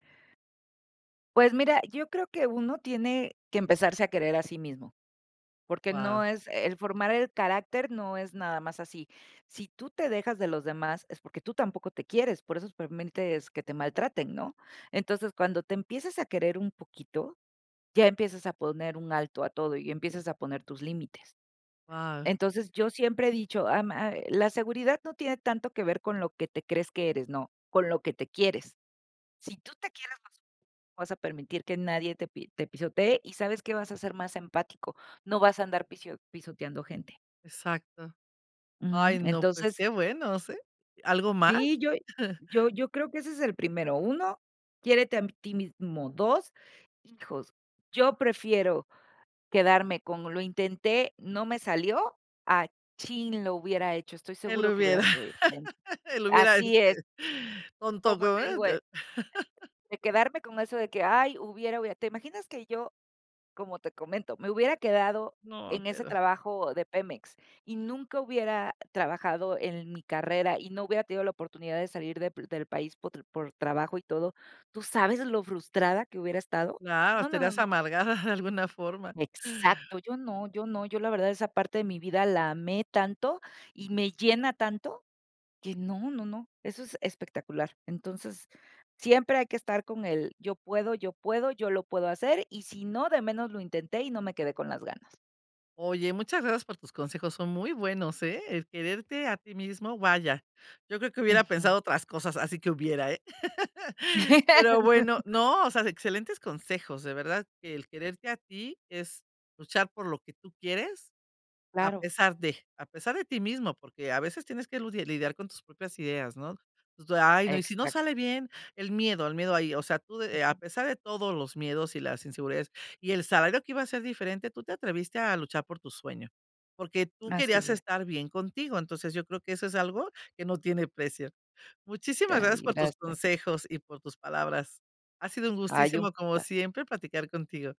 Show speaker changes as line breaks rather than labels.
Pues mira, yo creo que uno tiene que empezarse a querer a sí mismo, porque no
Guau.
es el formar el carácter no es nada más así, si tú te dejas de los demás, es porque tú tampoco te quieres, por eso permites que te maltraten, ¿no?, entonces, cuando te empiezas a querer un poquito, ya empiezas a poner un alto a todo y empiezas a poner tus límites,
Guau.
entonces, yo siempre he dicho, am, ah, "La seguridad no tiene tanto que ver con lo que te crees que eres, no, con lo que te quieres", si tú te quieres vas a no vas a permitir que nadie te pi te pisotee, y ¿sabes qué?, vas a ser más empático, no vas a andar pisio pisoteando gente.
Exacto,
Uju,
ay, no, pues
entonces
qué bueno, ¿sí?, ¿algo más?
Sí, yo yo yo creo que ese es el primero, 1, quiérete a ti mismo, 2, hijos, yo prefiero quedarme con "Lo intenté, no me salió", a "¡Chin! lo hubiera hecho, estoy
El
seguro que hubiera
hubiera,
sido diferente",
el hubiera,
así es.
este, con
Como
todo
te
eh
digo, eh eh,
[unintelligible]
de quedarme con eso de que: "Ay, hubiera, hubiera", ¿te imaginas que yo, como te comento, me hubiera quedado
No,
en ese
pero.
trabajo de Pemex y nunca hubiera trabajado en mi carrera y no hubiera tenido la oportunidad de salir de p del país potr por trabajo y todo, ¿tú sabes lo frustrada que hubiera estado?,
No,
no, no, no,
estarías
no.
amargada de alguna forma.
Exacto, yo no, yo no, yo la verdad esa parte de mi vida la amé tanto y me llena tanto que no, no, no, eso es espectacular. Entonces, siempre hay que estar con el: "Yo puedo, yo puedo, yo lo puedo hacer, y si no, de menos lo intenté y no me quedé con las ganas".
Oye, muchas gracias por tus consejos, son muy buenos, eh, el quererte a ti mismo, vaya, yo creo que hubiera
Ujú.
pensado otras cosas, así que hubiera, eh, pero bueno no, o sea, excelentes consejos, de verdad que el quererte a ti, es luchar por lo que tú quieres a
Claro.
pesar de, a pesar de ti mismo, porque a veces tienes que ludiar lidiar con tus propias ideas, ¿no? Pues de: "Ay, no, ¿y si no
Exac
sale bien?", el miedo, el miedo ahí, o sea, tú de a
Ujú.
pesar de todo los miedos y las inseguridades y el salario que iba a ser diferente, tú te atreviste a luchar por tu sueño, porque tú querías
Así es.
estar bien contigo, entonces yo creo que eso es algo que no tiene precio, muchísimas
[unintelligible]
gracias por tus
Gracias.
consejos y por tus palabras. Ha sido un
Hay un
gustazo como
[unintelligible]
siempre, platicar contigo.